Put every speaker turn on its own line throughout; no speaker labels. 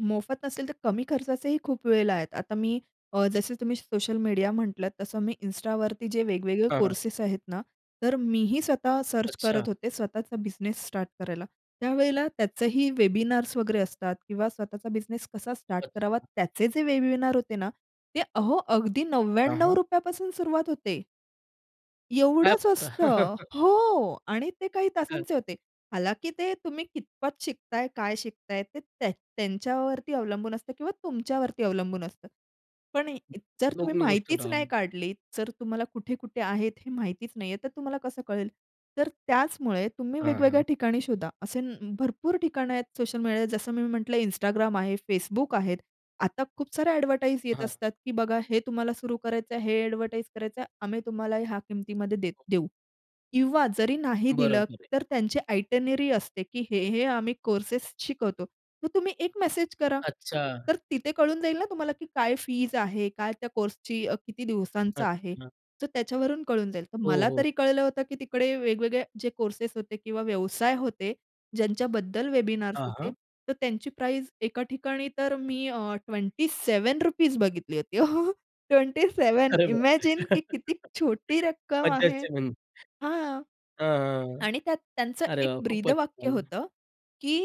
मोफत नसेल, तर कमी खर्चाचेही खूप वेळेला आहेत. आता मी अ, जसे तुम्ही सोशल मीडिया म्हटलात, तसं मी Instaवरती जे वेगवेगळे
हां, हां.
कोर्सेस आहेत ना, तर मीही स्वतः सर्च
अच्छा.
करत होते स्वतःचा बिझनेस स्टार्ट करायला. त्यावेळेला त्याचेही वेबिनार्स वगैरे असतात किंवा स्वतःचा बिझनेस कसा स्टार्ट करावा
अच्छा.
त्याचे जे वेबिनार होते ना ते अहो, अगदी
हां,
नव्व्याण्णव
हां.
रुपया पासून सुरुवात होते.
काय
एवढंच असतं.
[unintelligible]
हो आणि ते काही
हं.
तासांचे होते. हालांकी ते तुम्ही कितपत शिकताय, काय शिकताय ते त्या त्यांच्यावरती अवलंबून असतं किंवा तुमच्यावरती अवलंबून असतं. पण जर तुम्ही
दोन्ही गोष्टी
माहितीच नाही
[unintelligible]
काढली. जर तुम्हाला कुठे-कुठे आहेत हे माहितीच नाहीये, तर तुम्हाला कसं कळेल. तर त्याचमुळे तुम्ही
हां,
वेगवेगळ्या
हां.
ठिकाणी शोधा. असे भरपूर ठिकाणं आहेत सोशल मीडिया, जसं मी म्हटलं Instagram आहे, Facebook आहेत. आता खूप सारे अ‍ॅडव्हर्टाइज येत
हां.
असतात, की बघा हे तुम्हाला सुरू करायचंय हे अ‍ॅडव्हर्टाइज करायचं आहे. आम्ही तुम्हाला ह्या किमतीमध्ये दे देऊ किंवा जरी नाही दिलं,
बरोबर आहे.
तर त्यांची आयटिनरी असते की हे हे आम्ही कोर्सेस शिकवतो. मग तुम्ही एक मेसेज करा.
अच्छा.
तर तिथे कळून जाईल ना तुम्हाला की काय फीज आहे, काय त्या कोर्सची अ, किती दिवसांचा आहे
अच्छा.
तर त्याच्यावरून कळून जाईल. तर
हो,
मला
हो.
तरी कळलं होतं की तिकडे वेगवेगळे जे कोर्स होते किंवा व्यवसाय होते. ज्यांच्याबद्दल वेबिनार्स
हां,
होते
हां.
तर त्यांची प्राईस एका ठिकाणी तर मी अ, ₹27 बघितली होती. 27
अरे बापरे!
इमॅजिन की किती छोटी रक्कम आहे.
[unintelligible] म्हणून.
हां.
हां, हां, हां.
आणि त्यात त्यांचं
अरे
एक
बाबा खूपच
ब्रीदवाक्य
झालं.
होतं की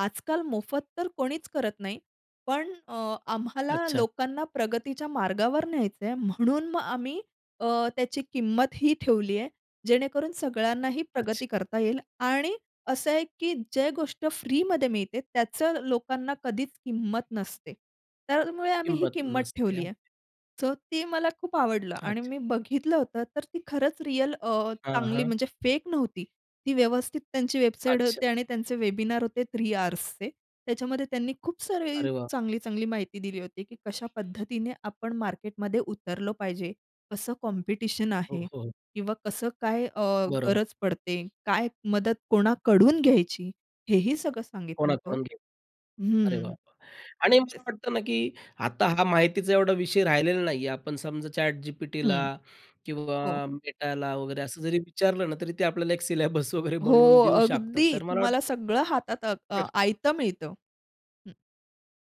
आजकाल मोफत तर कोणीच करत नाही. पण अ, आम्हाला
अच्छा.
लोकांना प्रगतीच्या मार्गावर न्यायचंय म्हणून मग आम्ही अ, त्याची किंमत ही ठेवली आहे. जेणेकरून सगळ्यांनाही
अच्छा.
प्रगती करता येईल आणि असं आहे की जे गोष्ट फ्रीमध्ये मिळते, त्याचं लोकांना कधीच किंमत नसते. त्यामुळे आम्ही ही
किंमत
किंमत
नसते.
ठेवली आहे.
अगदी.
सो ते मला खूप आवडलं आणि
अच्छा.
मी बघितलं होतं तर ती खरंच रिअल अ,
हां,
चांगली
हां.
म्हणजे फेक नव्हती. ती व्यवस्थित त्यांची वेबसाईट
अच्छा.
होते आणि त्यांचे वेबिनार होते 3 आवर्सचे. त्याच्यामध्ये त्यांनी खूप सारी
अरे वाह!
चांगली-चांगली माहिती दिली होती, की कशा पद्धतीने आपण मार्केटमध्ये उतरलो पाहिजे, कसं कॉम्पिटिशन
हो,
आहे
हो, हो.
किंवा कसं काय अ,
बरोबर.
गरज पडते, काय मदत कोणाकडून घ्यायची हेही सगळं सांगितलं होतं हो.
कोणाकडून घे अरे वाह!
हं.
वाह! आणि मला वाटतं ना की आता हा माहितीचा एवढा विषय राहिलेला नाहीये. आपण समजा ChatGPTला
हं.
किंवा
हो.
Metaला वगैरे असं जरी विचारलं ना, तरी ते आपल्याला एक सिलेबस वगैरे
हो.
बनवून देऊ शकतात.
अगदी
तर मला
तुम्हाला
वाटतं
सगळं हातात आता आयतं मिळतं. हं.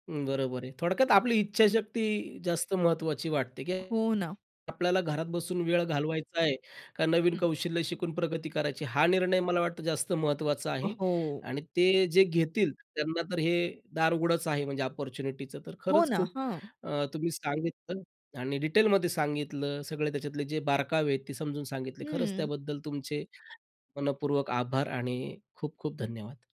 अं, बरोबर आहे. थोडक्यात
हं.
आपली इच्छाशक्ती जास्त महत्त्वाची वाटते, की
हो ना.
आपल्याला घरात बसून वेळ घालवायचा आहे, का नवीन
हं.
कौशल्य शिकून प्रगती करायची हा निर्णय मला वाटतं जास्त महत्त्वाचा आहे.
हो.
आणि ते जे घेतील त्यांना तर हे दार उघडंच आहे म्हणजे अपॉर्च्युनिटीच. तर
हो
खरंच
ना.
खूप
हां.
अ, तुम्ही सांगितलं आणि डिटेलमध्ये सांगितलं. सगळे त्याच्यातले जे बारकावे आहेत ते समजून सांगितले. खरंच
हं.
त्याबद्दल तुमचे मनःपूर्वक आभार आणि खूप खूप धन्यवाद.